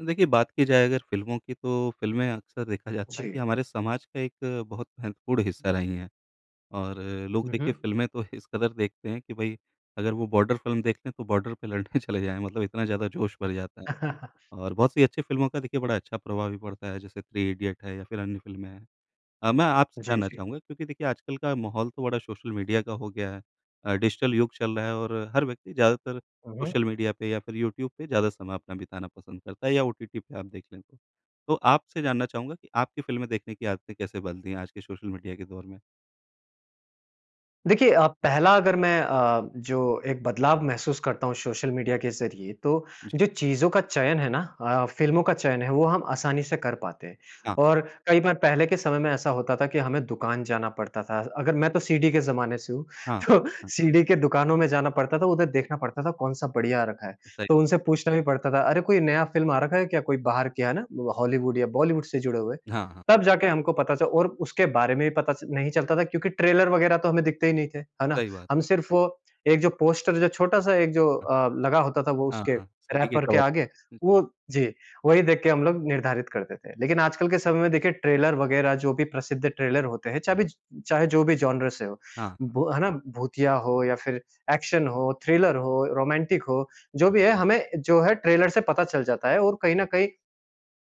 देखिए, बात की जाए अगर फ़िल्मों की तो फ़िल्में अक्सर देखा जाता है कि जी। हमारे समाज का एक बहुत महत्वपूर्ण हिस्सा हुँ। रही है। और लोग हुँ, देखिए हुँ। फ़िल्में तो इस कदर देखते हैं कि भई, अगर वो बॉर्डर फ़िल्म देखते हैं, तो बॉर्डर पे लड़ने चले जाएँ मतलब इतना ज़्यादा जोश भर जाता है, और बहुत सी अच्छी फ़िल्मों का देखिए बड़ा अच्छा प्रभाव भी पड़ता है, जैसे थ्री इडियट है या फिर अन्य फ़िल्में हैं। अ, मैं आपसे जी, जानना जी। चाहूँगा क्योंकि देखिए आजकल का माहौल तो बड़ा सोशल मीडिया का हो गया है अ, डिजिटल युग चल रहा है और हर व्यक्ति ज़्यादातर हुँ, हुँ। सोशल मीडिया पे या फिर यूट्यूब पे ज़्यादा समय अपना बिताना पसंद करता है या ओटीटी पे आप देख लें तो। तो आपसे जानना चाहूँगा कि आपकी फ़िल्में देखने की आदतें कैसे बदल दी हैं? आज के सोशल मीडिया के दौर में? देखिए अ, पहला अगर मैं अ, जो एक बदलाव महसूस करता हूँ सोशल मीडिया के ज़रिए तो जी। जो चीज़ों का चयन है ना अ, फ़िल्मों का चयन है, वो हम आसानी से कर पाते हैं। हाँ। और कई बार पहले के समय में ऐसा होता था कि हमें दुकान जाना पड़ता था, अगर मैं तो सीडी के ज़माने से हूँ, हाँ। तो सीडी के दुकानों में जाना पड़ता था। उधर देखना पड़ता था कौन-सा बढ़िया आ रखा है, सही तो बात। उनसे पूछना भी पड़ता था, अरे, कोई नया फ़िल्म आ रखा है क्या, कोई बाहर कि है ना? वो हॉलीवुड या बॉलीवुड से जुड़े हुए। हाँ, हाँ। तब जाके हमको पता च और उसके बारे में भी पता च नहीं चलता था क्योंकि ट्रेलर वगैरह तो हमें दिखते ही नहीं थे, है ना? सही बात। हम सिर्फ वो एक जो पोस्टर जो छोटा-सा एक जो अ, लगा होता था वो हाँ, उसके हाँ, सीडी के रैपर के कवर। आगे वो जी, वही देख के हम लोग निर्धारित करते थे। लेकिन आजकल के समय में देखिए ट्रेलर वगैरह जो भी प्रसिद्ध ट्रेलर होते हैं, चा बिज चाहे जो भी जॉनर से हो, हाँ, हाँ। ब है ना? भूतिया हो या फिर एक्शन हो, थ्रिलर हो, रोमांटिक हो, जो भी है हमें जो है ट्रेलर से पता चल जाता है और कहीं न कहीं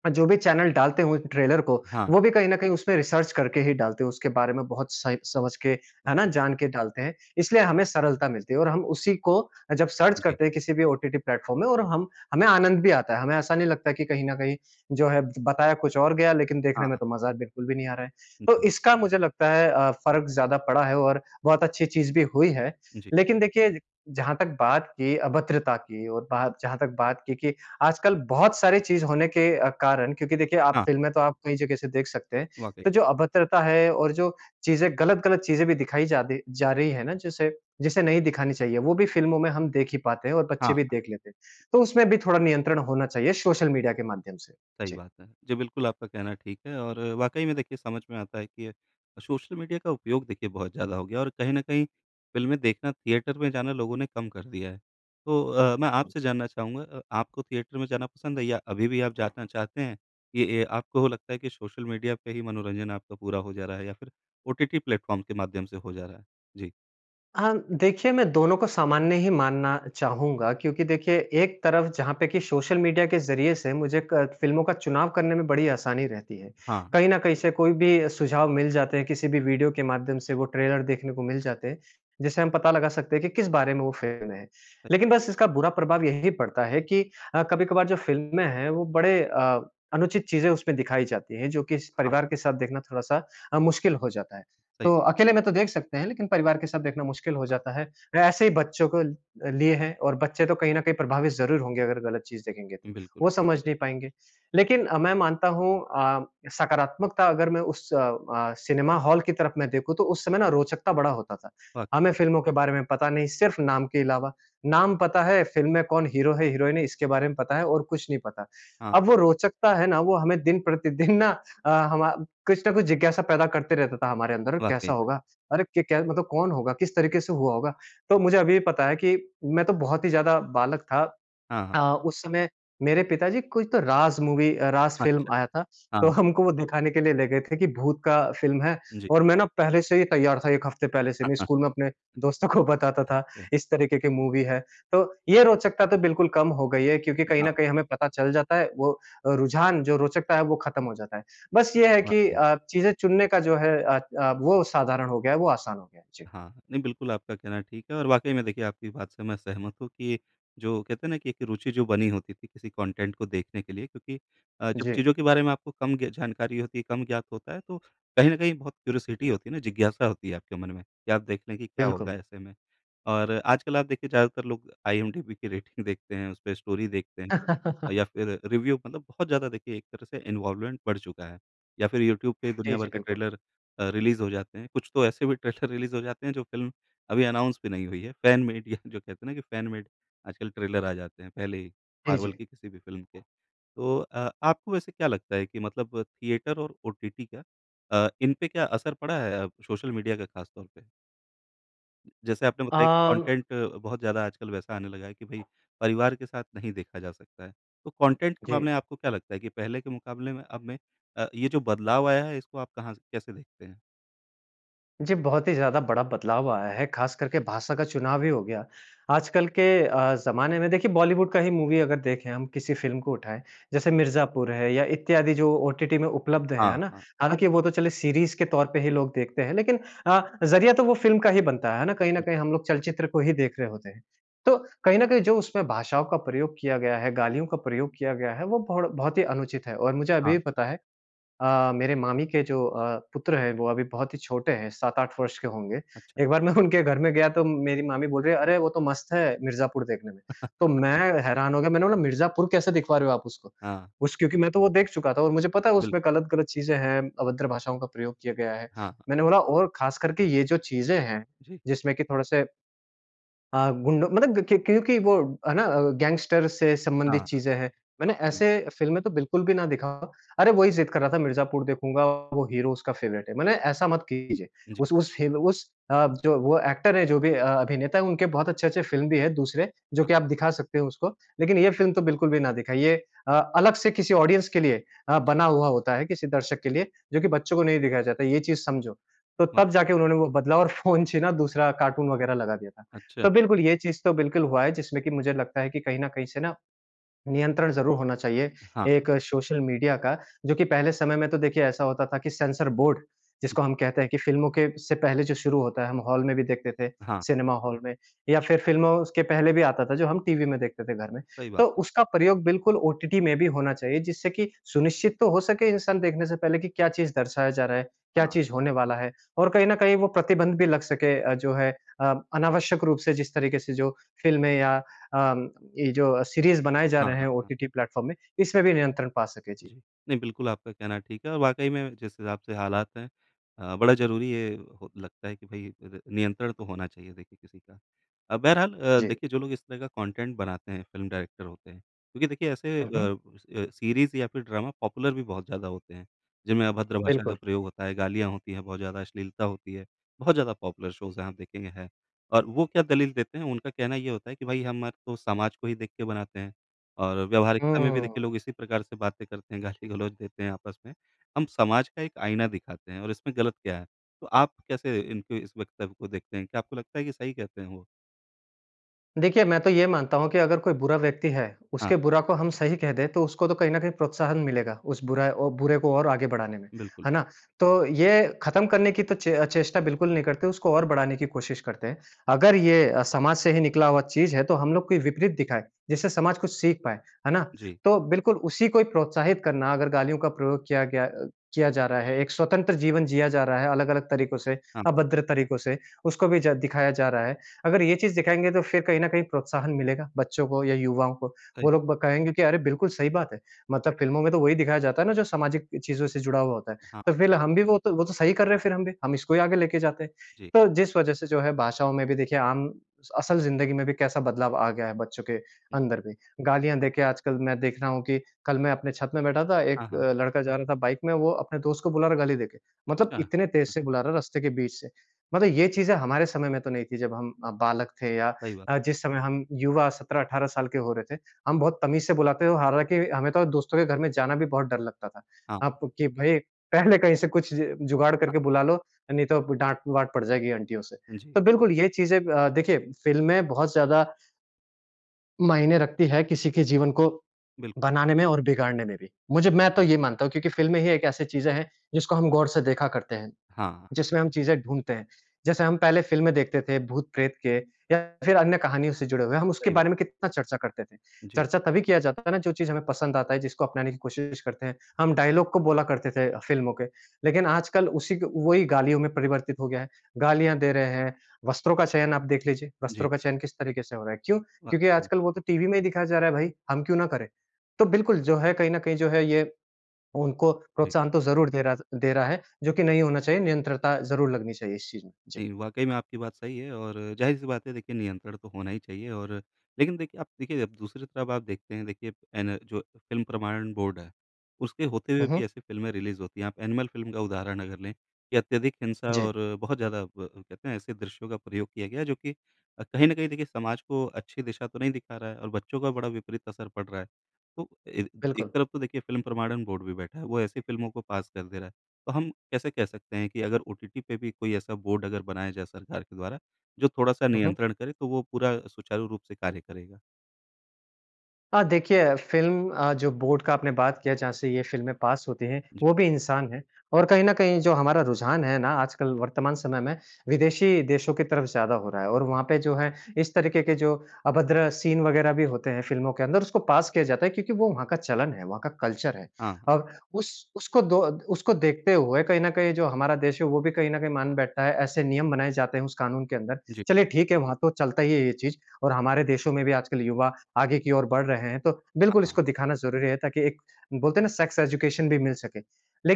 अ, जो भी चैनल डालते हुए ट्रेलर को, हाँ। वो भी कहीं न कहीं उसमें रिसर्च करके ही डालते हैं, उसके बारे में बहुत सही समझ के, है ना? जान के डालते हैं। इसलिए हमें सरलता मिलती है और हम उसी को अ, जब सर्च जी। करते हैं किसी भी ओटीटी प्लेटफ़ॉर्म में और हम हमें आनंद भी आता है। हमें ऐसा नहीं लगता है कि कहीं न कहीं जो है बताया कुछ और गया लेकिन हाँ, देखने में हाँ। तो मज़ा बिल्कुल भी नहीं आ रहा है, तो जी। इसका मुझे लगता है अ, फ़र्क ज़्यादा पड़ा है और बहुत अच्छी चीज़ भी हुई है। जी। लेकिन देखिए, जहाँ तक बात की अभद्रता की और बा जहाँ तक बात की कि, आजकल बहुत सारी चीज़ होने के अ, कारण क्योंकि देखिए आप हाँ। फ़िल्में तो आप कई जगह से देख सकते हैं। वाक़ई। तो जो अभद्रता है और जो चीज़ें गलत-गलत चीज़ें भी दिखाई जादी जा रही है ना जिसे जिसे नहीं दिखानी चाहिए, वो भी फ़िल्मों में हम देख ही पाते हैं और हाँ, बच्चे भी हाँ। देख लेते हैं। तो उसमें भी थोड़ा नियंत्रण होना चाहिए सोशल मीडिया के माध्यम से। सही जी। बात है। जी, बिल्कुल आपका कहना ठीक है और वाक़ई में देखिए समझ में आता है कि अ, सोशल मीडिया का उपयोग देखिए बहुत ज़्यादा हो गया और कहीं न कहीं फ़िल्में देखना, थिएटर में जाना लोगों ने कम कर दिया है, तो अ, मैं बिल्कुल। आपसे जानना चाहूँगा अ, आपको थिएटर में जाना पसंद है या अभी भी आप जाना चाहते हैं? कि अ, आपको लगता है कि सोशल मीडिया पे ही मनोरंजन आपका पूरा हो जा रहा है या फिर ओटीटी प्लेटफ़ॉर्म के माध्यम से हो जा रहा है। जी। हाँ, देखिए मैं दोनों को सामान्य ही मानना चाहूँगा क्योंकि देखिए एक तरफ जहाँ पे कि सोशल मीडिया के ज़रिये से मुझे क फ़िल्मों का चुनाव करने में बड़ी आसानी रहती है। हाँ। कहीं न कहीं से कोई भी सुझाव मिल जाते हैं किसी भी वीडियो के माध्यम से वो ट्रेलर देखने को मिल जाते हैं। जिसे हम पता लगा सकते हैं कि किस बारे में वो फ़िल्म है। लेकिन बिल्कुल। बस इसका बुरा प्रभाव यही पड़ता है कि अ, कभी-कभार जो फिल्में हैं वो बड़े अ, अनुचित चीज़ें उसमें दिखाई जाती हैं जो कि स हाँ। परिवार के साथ देखना थोड़ा-सा अ, मुश्किल हो जाता है। सही तो क अकेले में तो देख सकते हैं, लेकिन परिवार के साथ देखना मुश्किल हो जाता है। अ, ऐसे ही बच्चों को लिए हैं और बच्चे तो कहीं न कहीं प्रभावित ज़रूर होंगे अगर ग़लत चीज़ देखेंगे तो। बिल्कुल। वो समझ नहीं पाएँगे। लेकिन मैं मानता हूँ अ, सकारात्मकता अगर मैं उस अ, सिनेमा हाल की तरफ में देखूँ तो उस समय ना रोचकता बड़ा होता था। वाक़ई हमें में। फ़िल्मों के बारे में पता नहीं सिर्फ़ नाम के अलावा, नाम पता है फ़िल्म में कौन हीरो है हीरोइन है इसके बारे में पता है और कुछ नहीं पता। हाँ। अब वो रोचकता है ना वो हमें दिन प्रतिदिन ना अ, हमा कुछ न कुछ जिज्ञासा पैदा करते रहता था हमारे अंदर वाक़ई कैसा में। होगा? अरे! क क्या मतलब कौन होगा? किस तरीके से हुआ होगा? तो मुझे अभी पता है कि मैं तो बहुत ही ज़्यादा बालक था। हाँ, हाँ। अ, उस समय मेरे पिताजी कोई तो राज़ मूवी अ, राज़ फ़िल्म अच्छा। आया था तो हाँ। हमको वो दिखाने के लिए ले गए थे कि भूत का फ़िल्म है जी। और मैं ना पहले से ही तैयार था 1 हफ़्ते पहले से नहीं स्कूल में अपने दोस्तों को बताता था अच्छा। इस तरीके की मूवी है। तो ये रोचकता तो बिल्कुल कम हो गई है क्योंकि कहीं न हाँ। कहीं हमें पता चल जाता है वो रुझान जो रोचकता है वो खत्म हो जाता है। बस ये है कि वाक़ई में। अ, चीज़ें चुनने का जो है अ अ, वो साधारण हो गया है वो आसान हो गया है। जी। हाँ, हाँ। नहीं बिल्कुल आपका कहना ठीक है और वाक़ई में देखिए आपकी बात से मैं सहमत हूँ कि जो कहते हैं ना कि एक रुचि जो बनी होती थी किसी कॉन्टेंट को देखने के लिए क्योंकि अ, जब जी। चीज़ों के बारे में आपको कम ज्ञ जानकारी होती है कम ज्ञात होता है तो कहीं न कहीं बहुत क्यूरियोसिटी होती है ना जिज्ञासा होती है आपके मन में कि आप देख लें कि क्या बिल्कुल। होगा ऐसे में। और आजकल आप देखिए ज़्यादातर लोग आईएमडीबी की रेटिंग देखते हैं उसपे स्टोरी देखते हैं। या फ़िर रिव्यू मतलब बहुत ज़्यादा देखिए एक तरह से इन्वॉल्वमेंट बढ़ चुका है। या फ़िर यूट्यूब पे जी, दुनिया जी। भर के बिल्कुल। ट्रेलर अ, रिलीज़ हो जाते हैं। कुछ तो ऐसे भी ट्रेलर रिलीज़ हो जाते हैं जो फ़िल्म अभी अनाउंस भी नहीं हुई है। फैन मेड या जो कहते हैं ना कि फ़ैन मेड आजकल ट्रेलर आ जाते हैं पहले ही जी, मार्वल जी। की किसी भी फ़िल्म के। तो अ, आपको वैसे क्या लगता है कि मतलब थिएटर और ओटीटी का अ, इन पे क्या असर पड़ा है अ, सोशल मीडिया का ख़ास तौर पे। जैसे आपने बताया कि अम कॉन्टेंट बहुत ज़्यादा आजकल वैसा आने लगा है कि भई परिवार के साथ नहीं देखा जा सकता है। तो कॉन्टेंट के जी। मामले में आपको क्या लगता है, कि पहले के मुक़ाबले में अब मैं अ, ये जो बदलाव आया है इसको आप कहाँ से कैसे देखते हैं? जी, बहुत ही ज़्यादा बड़ा बदलाव आया है ख़ास करके भाषा का चुनाव हीं हो गया। आजकल के अ, ज़माने में देखिए बॉलीवुड का ही मूवी अगर देखें हम किसी फ़िल्म को उठाएँ जैसे मिर्ज़ापुर है या इत्यादि जो ओटीटी में उपलब्ध है, है हाँ, ना? हाँ। हालाँकि वो तो चलिए सीरीज़ के तौर पे ही लोग देखते हैं, लेकिन अ, ज़रिया तो वो फ़िल्म का ही बनता है, है ना? कहीं न कहीं बिल्कुल। हम लोग चलचित्र को ही देख रहे होते हैं। तो कहीं न कहीं जो उसमें भाषाओं का प्रयोग किया गया है, गालियों का प्रयोग किया गया है वो बढ बहुत ही अनुचित है। और मुझे अभी हाँ, भी हाँ। पता है अ, मेरे मामी के जो अ, पुत्र हैं वो अभी बहुत ही छोटे हैं, 7-8 वर्ष के होंगे। अच्छा। एक बार मैं उनके घर में गया तो मेरी मामी बोल रही है, "अरे! वो तो मस्त है मिर्ज़ापुर देखने में।" तो मैं हैरान हो गया मैंने बोला, "मिर्ज़ापुर कैसे दिखवा रहे हो आप उसको।" हाँ। उस क्योंकि मैं तो वो देख चुका था और मुझे पता है बिल्कुल। उसमें ग़लत-ग़लत चीज़ें हैं, अभद्र भाषाओं का प्रयोग किया गया है। हाँ। मैंने बोला, "और ख़ास करके ये जो चीज़ें हैं जी। जिसमें कि थोड़े-से" "अ, गुंडों मतलब कि क्योंकि वो है ना गैंगस्टर से हाँ, संबंधित हाँ। चीज़ें हैं। मैंने वाक़ई। ऐसे फ़िल्में तो बिल्कुल भी ना दिखाओ। अरे! वही ज़िद कर रहा था मिर्ज़ापुर देखूँगा, वो हीरो उसका फ़ेवरेट है। मैंने ऐसा मत कीजिए। जी। उस उस हिल उस अ, जो वो एक्टर है जो भी अ, अभिनेता हैं उनके बहुत अच्छे-अच्छे फ़िल्म भी हैं दूसरे जो हाँ। कि आप दिखा सकते हो उसको। लेकिन ये फ़िल्म तो बिल्कुल भी ना दिखाईए अ, अलग से किसी ऑडियंस के लिए अ, जी। बना हुआ होता है किसी दर्शक के लिए जो कि बच्चों को नहीं दिखाया जाता है, ये चीज़ समझो।" तो तब वाक़ई। जाके उन्होंने वो बदला और फ़ोन छिना दूसरा कार्टून वग़ैरह लगा दिया था। अच्छा। तो बिल्कुल ये चीज़ तो बिल्कुल हुआ है जिसमें कि मुझे लगता है कि कहीं न कहीं से ना नियंत्रण ज़रूर होना चाहिए हाँ। एक सोशल मीडिया का। जो कि पहले समय में तो देखिए ऐसा होता था कि सेंसर बोर्ड जिसको जी। हम कहते हैं कि फ़िल्मों के से पहले जो शुरू होता है, हम हॉल में भी देखते थे, हाँ। सिनेमा हॉल में या फिर फ़िल्मों उसके पहले भी आता था, जो हम टीवी में देखते थे घर में। सही बात है। तो उसका प्रयोग बिल्कुल ओटीटी में भी होना चाहिए जिससे कि सुनिश्चित तो हो सके इंसान देखने से पहले कि क्या चीज़ दर्शाया जा रहा है, क्या हाँ, चीज़ हाँ। होने वाला है और कहीं न कहीं वो प्रतिबंध भी लग सके अ, जो है अ, अनावश्यक रूप से जिस तरीक़े से जो फ़िल्में या अ, म ये जो सीरीज़ बनाए जा हाँ, रहे हाँ, हैं हाँ। ओटीटी प्लेटफ़ॉर्म में, इसमें भी नियंत्रण पा सके। जी। जी। नहीं बिल्कुल आपका कहना ठीक है, और वाक़ई में जिस हिसाब से हालात हैं अ, बड़ा ज़रूरी है हो लगता है कि भई र नियंत्रण तो होना चाहिए देखिए किसी का। अ, बहरहाल अ, जी। देखिए जो लोग इस तरह का कॉन्टेंट बनाते हैं फ़िल्म डायरेक्टर होते हैं क्योंकि देखिए ऐसे अ हुँ, हुँ। अ सीरीज़ या फिर ड्रामा पॉपुलर भी बहुत ज़्यादा होते हैं जिनमें अभद्र भाषा का बिल्कुल। प्रयोग होता है, गालियाँ होती है, बहुत ज़्यादा अश्लीलता होती है। बहुत ज़्यादा पॉपुलर शोज़ है आप देखेंगे है। और वो क्या दलील देते हैं, उनका कहना ये होता है कि भई हम आर तो समाज को ही देख के बनाते हैं। और व्यावहारिकता में भी देखिए हुँ। लोग इसी प्रकार से बातें करते हैं, गाली-गलौच देते हैं आपस में। हम समाज का एक आइना दिखाते हैं और इसमें ग़लत क्या है। तो आप कैसे इनके इस वक्तव्य को देखते हैं? क्या आपको लगता है कि सही कहते हैं वो? देखिए मैं तो ये मानता हूँ कि अगर कोई बुरा व्यक्ति है हाँ। उसके बुरा को हम सही कह दें तो उसको तो कहीं न कहीं प्रोत्साहन मिलेगा। उस बुरा ओ बुरे को और आगे बढ़ाने में। बिल्कुल। है ना? तो ये ख़त्म करने की तो चे अ, चेष्टा बिल्कुल नहीं करते उसको और बढ़ाने की कोशिश करते हैं। अगर ये अ, समाज से ही निकला हुआ चीज़ है तो हम लोग को विपरीत दिखाएँ। जिससे समाज कुछ सीख पाएँ। है ना? जी। तो बिल्कुल उसी को प्रोत्साहित करना अगर गालियों का प्रयोग किया गया अ, किया जा रहा है एक स्वतंत्र जीवन जिया जा रहा है अलग-अलग तरीकों से हाँ। अभद्र तरीकों से उसको भी ज दिखाया जा रहा है। अगर ये चीज़ दिखाएँगे तो फ़िर कहीं न कहीं प्रोत्साहन मिलेगा, बच्चों को या युवाओं को। वो बिल्कुल। लोग ब कहेंगे कि अरे! बिल्कुल सही बात है। मतलब फ़िल्मों में तो वहीं दिखाया जाता है ना जो सामाजिक चीज़ों से जुड़ा हुआ होता है। हाँ। तो फ़िर हम भी वो तो वो तो सही कर रहे हैं फ़िर हम भी, हम इसको ही आगे लेके जाते हैं। जी। तो जिस वज़ह से जो है भाषाओं में भी देखिए आम असल ज़िंदगी में भी कैसा बदलाव आ गया है बच्चों के हुँ, जी। अंदर भी। गालियाँ दे के आजकल मैं देख रहा हूँ कि कल मैं अपने छत में बैठा था हाँ, एक हाँ। अ, लड़का जा रहा था बाइक में वो अपने दोस्त को बुला रहा है गाली देके। मतलब अच्छा। इतने तेज हुँ। से बुला रहा है रास्ते के बीच से। मतलब ये चीज़ें हमारे समय में तो नहीं थी जब हम अ, बालक थे या सही बात। अ, जिस समय हम युवा 17-18 साल के हो रहे थे। हम बहुत तमीज़ से बुलाते थे। हालाँकि हमें तो दोस्तों के घर में जाना भी बहुत डर लगता था। हाँ। अब कि भई पहले कहीं से कुछ ज जुगाड़ हाँ। करके बुला लो, नहीं तो डाँट-वाँट पड़ जाएगी आंटियों से। हुँ, जी। तो बिल्कुल ये चीज़ें अ, देखिए फ़िल्में बहुत ज़्यादा मायने रखती है किसी के जीवन को बिल्कुल। बनाने में और बिगाड़ने में भी। मुझे मैं तो ये मानता हूँ क्योंकि फ़िल्में ही एक ऐसी चीज़ें हैं जिसको हम गौर से देखा करते हैं। हाँ, हाँ। जिसमें हम चीज़ें ढूँढते हैं। जैसे हम पहले फ़िल्में देखते थे भूत प्रेत के या फ़िर अन्य कहानियों से जुड़े हुए। हम उसके सही बात। बारे में कितना चर्चा करते थे। जी। चर्चा तभी किया जाता है ना जो चीज़ हमें पसंद आता है जिसको अपनाने की कोशिश करते हैं। हम डायलॉग को बोला करते थे फ़िल्मों के। लेकिन आजकल उसी ग वहीं गालियों में परिवर्तित हो गया है। गालियाँ दे रहे हैं। वस्त्रों का चयन आप देख लीजिए, जी। वस्त्रों का चयन किस तरीके से हो रहा है। क्यों? क्योंकि वाक़ई में। आजकल वो तो टीवी में ही दिखाया जा रहा है भई। हम क्यों ना करें? तो बिल्कुल जो है कहीं न कहीं जो है ये उनको जी। प्रोत्साहन तो ज़रूर दे रहा थ दे रहा है जो कि नहीं होना चाहिए। नियंत्रता ज़रूर लगनी चाहिए इस चीज़ में। जी। नहीं, वाक़ई में आपकी बात सही है और ज़ाहिर-सी बात है। देखिए नियंत्रण तो होना ही चाहिए और लेकिन देखिए आप देखिए अब दूसरों को आप देखते हैं देखिए हैं ना जो फ़िल्म प्रमाणन बोर्ड है। उसके होते हुए हुँ, हुँ। भी ऐसी फ़िल्में रिलीज़ होती हैं। आप एनिमल फ़िल्म का उदाहरण अगर लें। कि अत्यधिक हिंसा जी। और बहुत ज़्यादा ब कहते हैं ऐसे दृश्यों का प्रयोग किया गया है जो कि अ, कहीं न कहीं देखिए समाज को अच्छी दिशा तो नहीं दिखा रहा है और बच्चों का बड़ा विपरीत असर पड़ रहा है। तो एक एक बिल्कुल। तरफ़ तो देखिए फ़िल्म प्रमाणन बोर्ड भी बैठा है। वो ऐसी फ़िल्मों को पास कर दे रहा है। तो हम कैसे कह सकते हैं कि अगर ओटीटी पे भी कोई ऐसा बोर्ड बनाया जाए सरकार के द्वारा जो थोड़ा-सा हुँ, हुँ। नियंत्रण करे तो वो पूरा सुचारू रूप से कार्य करेगा? हाँ, देखिए फ़िल्म अ, जो बोर्ड का आपने बात किया जहाँ से ये फ़िल्में पास होती हैं, जी। वो भी इंसान हैं। और कहीं न कहीं जो हमारा रुझान है ना आजकल वर्तमान समय में विदेशी देशों की तरफ़ ज़्यादा हो रहा है और वहाँ पे जो है हाँ। इस तरीके के जो अभद्र सीन वग़ैरह भी होते हैं फ़िल्मों के अंदर उसको पास किया जाता है क्योंकि वो वहाँ का चलन है, वहाँ का कल्चर है। हाँ। और उस उसको दो उसको देखते हुए कहीं न कहीं जो हमारा देश है वो भी कहीं न कहीं मान बैठता है। ऐसे नियम बनाए जाते हैं उस कानून के अंदर। जी। चलिए ठीक है, वहाँ तो चलता ही है ये चीज़ और हमारे देशों में भी आजकल युवा आगे की ओर बढ़ रहे हैं। तो हाँ, बिल्कुल हाँ। इसको दिखाना ज़रूरी है ताकि एक बोलते हैं ना सेक्स एजुकेशन भी मिल सके।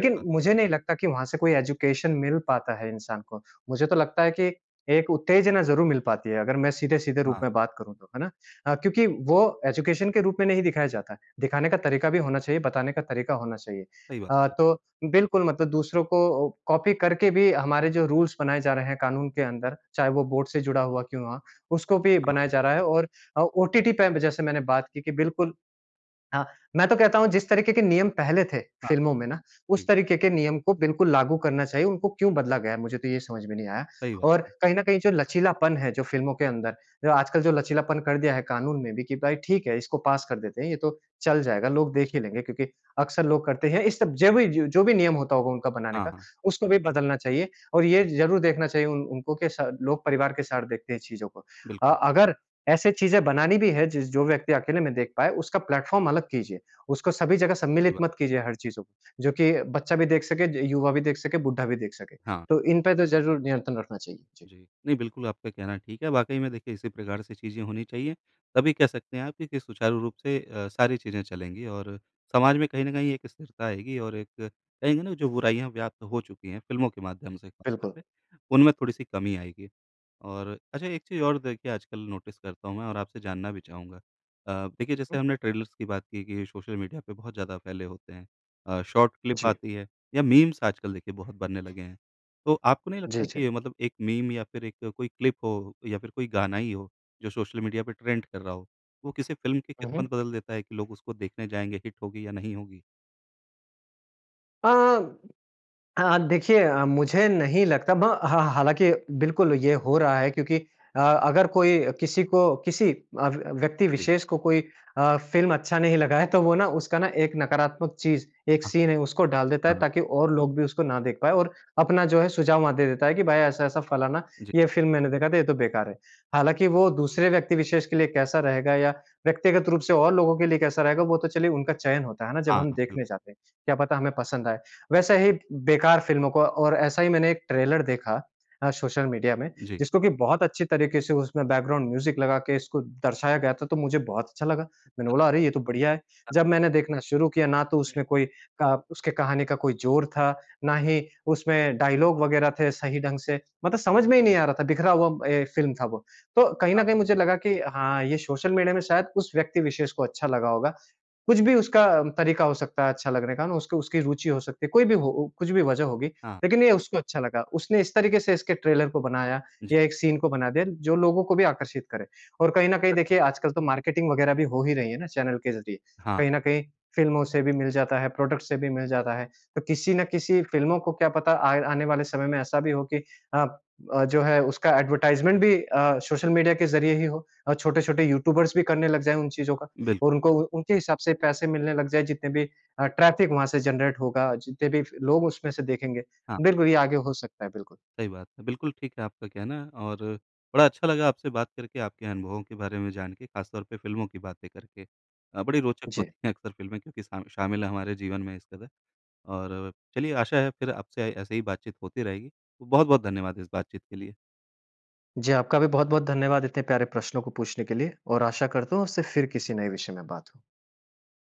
सही बात। मुझे नहीं लगता कि वहाँ से कोई एजुकेशन मिल पाता है इंसान को। मुझे तो लगता है कि एक उत्तेजना ज़रूर मिल पाती है अगर मैं सीधे-सीधे रूप हाँ। में बात करूँ तो, है ना? अ, क्योंकि वो एजुकेशन के रूप में नहीं दिखाया जाता है दिखाने का तरीका भी होना चाहिए, बताने का तरीका होना चाहिए। सही बात। अ, हुँ। तो बिल्कुल मतलब दूसरों को कॉपी करके भी हमारे जो रूल्स बनाए जा रहे हैं कानून के अंदर चाहे वो बोर्ड से जुड़ा हुआ क्यों हुआ, उसको भी हाँ, बनाया हाँ। जा रहा है और ओ ओटीटी पे जैसे मैंने बात की कि बिल्कुल हाँ। मैं तो कहता हूँ जिस तरीके के नियम पहले थे हाँ। फ़िल्मों में ना, उस ठीक। तरीके के नियम को बिल्कुल लागू करना चाहिए। उनको क्यों बदला गया है? मुझे तो ये समझ में नहीं आया। सही बात और है। कहीं न कहीं जो लचीलापन है जो फ़िल्मों के अंदर, जो आजकल जो लचीलापन कर दिया है कानून ने भी कि भाई ठीक है इसको पास कर देते हैं। ये तो चल जाएगा लोग देख ही लेंगे क्योंकि अक्सर लोग करते हैं। इस सब जभी जो भी जो भी नियम होता होगा उनका बनाने हाँ, का, हाँ। उसको भी बदलना चाहिए और ये ज़रूर देखना चाहिए उन उनको के सा लोग परिवार के साथ देखते हैं चीज़ों को। अ, बिल्कुल। अगर ऐसे चीज़ें बनानी भी है जिस जो व्यक्ति अकेले में देख पाए उसका प्लैटफ़ॉर्म अलग कीजिए। उसको सभी जगह सही सम्मिलित बात। मत कीजिए हर चीज़ों को। जो कि बच्चा भी देख सके, य युवा भी देख सके, बुड्ढा भी देख सके। हाँ। तो इनपे तो ज़रूर नियंत्रण रखना चाहिए। जी। जी। नहीं बिल्कुल आपका कहना ठीक है। वाक़ई में देखिए इसी प्रकार से चीज़ें होनी चाहिए। तभी कह सकते हैं आप कि कि सुचारू रूप से अ, सारी चीज़ें चलेंगी और अ, समाज में कहीं न कहीं एक स्थिरता आएगी और एक कहेंगे ना जो बुराइयाँ व्याप्त हो चुकी हैं फिल्मों के माध्यम से ख़ासतौर बिल्कुल। पे उनमें थोड़ी-सी कमी आएगी। और अच्छा एक चीज़ और देखिए आजकल नोटिस करता हूँ मैं और आपसे जानना भी चाहूँगा। अ, देखिए जैसे हुँ। हमने ट्रेलर्स की बात की कि सोशल मीडिया पर बहुत ज़्यादा फैले होते हैं। अ, शॉर्ट क्लिप जी। आती है या मीम्स आजकल देखिए बहुत बनने लगे हैं। तो आपको नहीं जी, लगता जी। कि मतलब 1 मीम या फ़िर 1 कोई क्लिप हो या फ़िर कोई गाना ही हो जो सोशल मीडिया पे ट्रेंड कर रहा हो, वो किसी फ़िल्म की हुँ, हुँ। किस्मत बदल देता है कि लोग उसको देखने जाएँगे हिट होगी या नहीं होगी? आ, अ, देखिए अ, मुझे नहीं लगता। ब हाँ हालाँकि बिल्कुल ये हो रहा है क्योंकि अ, अगर कोई किसी को किसी [unintelligible] किसी व्यक्ति जी। विशेष को कोई अ, फ़िल्म अच्छा नहीं लगा है तो वो ना उसका ना एक नकारात्मक चीज़, एक हाँ। सीन है उसको डाल देता है हाँ। ताकि और लोग भी उसको ना देख पाए और अपना जो है सुझाव वहाँ दे देता है कि भाई ऐसा-ऐसा फलाना जी। ये फ़िल्म मैंने देखा था ये तो बेकार है। हालाँकि वो दूसरे व्यक्ति विशेष के लिए कैसा रहेगा या, व्यक्तिगत रूप से और लोगों के लिए कैसा रहेगा? वो तो चलिए उनका चयन होता है, है ना? हाँ, जब हम हाँ बिल्कुल। देखने जाते हैं। क्या पता हमें पसंद आए? वैसे ही बेकार फ़िल्मों को और ऐसा ही मैंने एक ट्रेलर देखा अ, सोशल मीडिया में, जी। जिसको कि बहुत अच्छी तरीके से उसमें बैकग्राउंड म्यूज़िक लगा के इसको दर्शाया गया था, तो मुझे बहुत अच्छा लगा। मैंने बोला अरे ये तो बढ़िया है। [unintelligible] जब मैंने देखना शुरू किया ना तो उसमें कोई क उसकी कहानी का कोई जोर था, ना ही उसमें डायलॉग वग़ैरह थे सही ढंग से मतलब समझ में ही नहीं आ रहा था बिखरा हुआ ए फ़िल्म था वह। तो कहीं हाँ, न कहीं हाँ। मुझे लगा कि हाँ ये सोशल मीडिया में शायद उस व्यक्ति विशेष को अच्छा लगा होगा। कुछ भी उसका तरीका हो सकता है अच्छा लगने का मैं उसको उसकी रूचि हो सकती है, कोई भी हो ओ कुछ भी वजह होगी। हाँ। लेकिन ये उसको अच्छा लगा। उसने इस तरीके से इसके ट्रेलर को बनाया जी। या एक सीन को बना दिया जो लोगों को भी आकर्षित करे। और कहीं न कहीं सचमुच। देखिए आजकल तो मार्केटिंग वगैरह भी हो ही रही है ना चैनल के ज़रिए। हाँ। कहीं न कहीं फ़िल्मों से भी मिल जाता है, प्रोडक्टस से भी मिल जाता है, तो किसी न किसी फ़िल्मों को क्या पता आए आने वाले समय में ऐसा भी हो कि अ, अ, जो है उसका एडवर्टाइजमेंट भी अ, सोशल मीडिया के ज़रिए ही हो। और छोटे-छोटे यूट्यूबर्स भी करने लग जाएँ उन चीज़ों का बिल्कुल। और उनको उनके हिसाब से पैसे मिलने लग जाएँ। जितने भी अ, ट्रैफिक वहाँ से जनरेट होगा, जितने भी फिर लोग उसमें से देखेंगे। हाँ। बिल्कुल ये आगे हो सकता है। बिल्कुल। सही बात है। बिल्कुल ठीक है आपका कहना। और बड़ा अच्छा लगा आपसे बात करके आपके अनुभवों के बारे में जान के, ख़ास तौर पे फ़िल्मों की बातें करके। अ, बड़ी रोचक जी। होती है अक्सर फ़िल्में क्योंकि सामि शामिल हैं हमारे जीवन में इस कदर। और चलिए आशा है फ़िर आपसे ऐसे ही बातचीत होती रहेगी। तो बहुत-बहुत धन्यवाद इस बातचीत के लिए। जी, आपका भी बहुत-बहुत धन्यवाद इतने प्यारे प्रश्नों को पूछने के लिए। और आशा करता हूँ आपसे फिर किसी नए विषय में बात हो।